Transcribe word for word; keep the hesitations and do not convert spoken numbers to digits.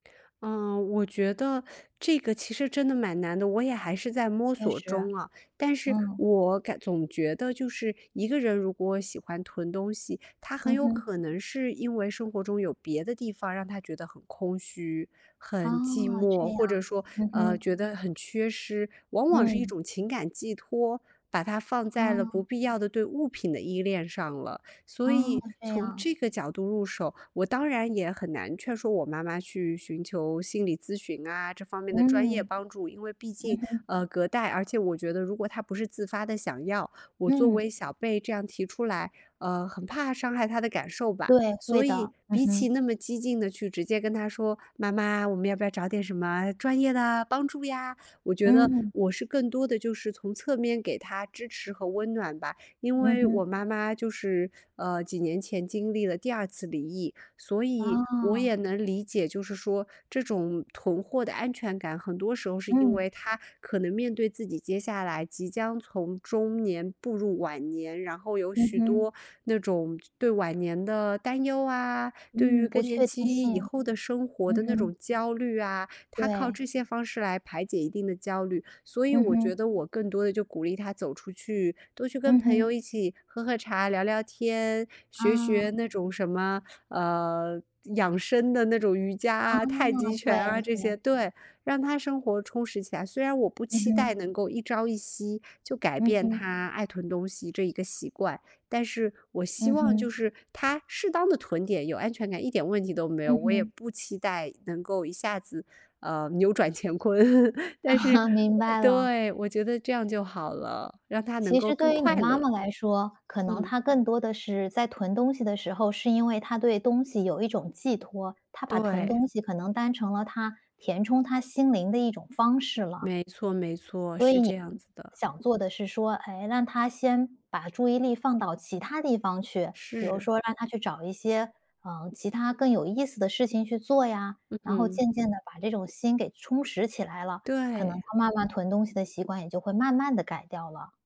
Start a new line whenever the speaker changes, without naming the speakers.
嗯，我觉得这个其实真的蛮难的，我也还是在摸
确
索
实。
中啊。但是
嗯。
我感总觉得就是一个人如果喜欢囤东西，她很
嗯
有
哼。
可能是因为生活中有别的地方让她觉得很空虚、
哦，
很寂
这
寞，
样，
或者说，
嗯
呃，
哼。
觉得很缺失，往往是一
嗯。
种情感寄托，把它放在了不
哦。
必要的对物品的依恋上了，所
哦，
以
这
从
样。
这个角度入手，我当然也很难劝说我妈妈去寻求心理咨询啊，这方面的专业
嗯。
帮助。因为毕
嗯
竟，
哼。
呃，隔代，而且我觉得如果她不是自发地想要，我作
嗯。
为小辈这样提出来，呃，很怕伤害她的感受吧。
对，
所
会
以
的，嗯
比起
哼。
那么激进地去直接跟她说：“妈妈，我们要不要找点什么专业的帮助呀？”我觉得
嗯。
我是更多的就是从侧面给她支持和温暖吧。因
嗯
为
哼。
我妈妈就是，呃，几年前经历了第二次离异，所以我也
啊。
能理解，就是说这种囤货的安全感。很多时候是因
嗯。
为她可能面对自己接下来即将从中年步入晚年，然后有
嗯
许
哼。
多那种对晚年的担忧啊，对于
嗯，不
更年
确定
期以
性。
后的生活
嗯
的那
哼。
种焦虑啊，她靠
对。
这些方式来排解一定的焦虑，所以
嗯
我觉
哼。
得我更多地就鼓励她走出去，多去跟
嗯
朋
哼。
友一起喝喝茶聊聊天，学
啊。
学那种什么，呃，养生的那种瑜伽
啊，
啊，太极拳
对，
啊，这些
对。
对，让她生活充实起来，虽然我不
嗯
期待
哼。
能够一朝一夕就改
嗯
变
哼。
她爱囤东西这一个习惯，但是我希
嗯
望就
哼。
是她适当地囤点有安全感，一点问题都没有。
嗯
我也
哼。
不期待能够一下子，呃，扭转乾坤。
啊
但是
哈，明
呃，
白了。
对，我觉得这样就好了，让她能
其
够
实
更
对于你
快
妈
乐。
妈来说，可能
嗯。
她更多地是在囤东西的时候，是因为她对东西有一种寄托，她把囤
对。
东西可能当成了她填充她心灵的一种方式了。
没错没错，
所
是
以
这
你
样子的。
想做的是说，哎，让她先把注意力放到其它地方去，比如
是。
说让她去找一些，嗯，其它更有意思的事情去做呀，
嗯
然后
哼。
渐渐地把这种心给充实起来了，可能
对。
她慢慢囤东西的习惯也就会慢慢地改掉了。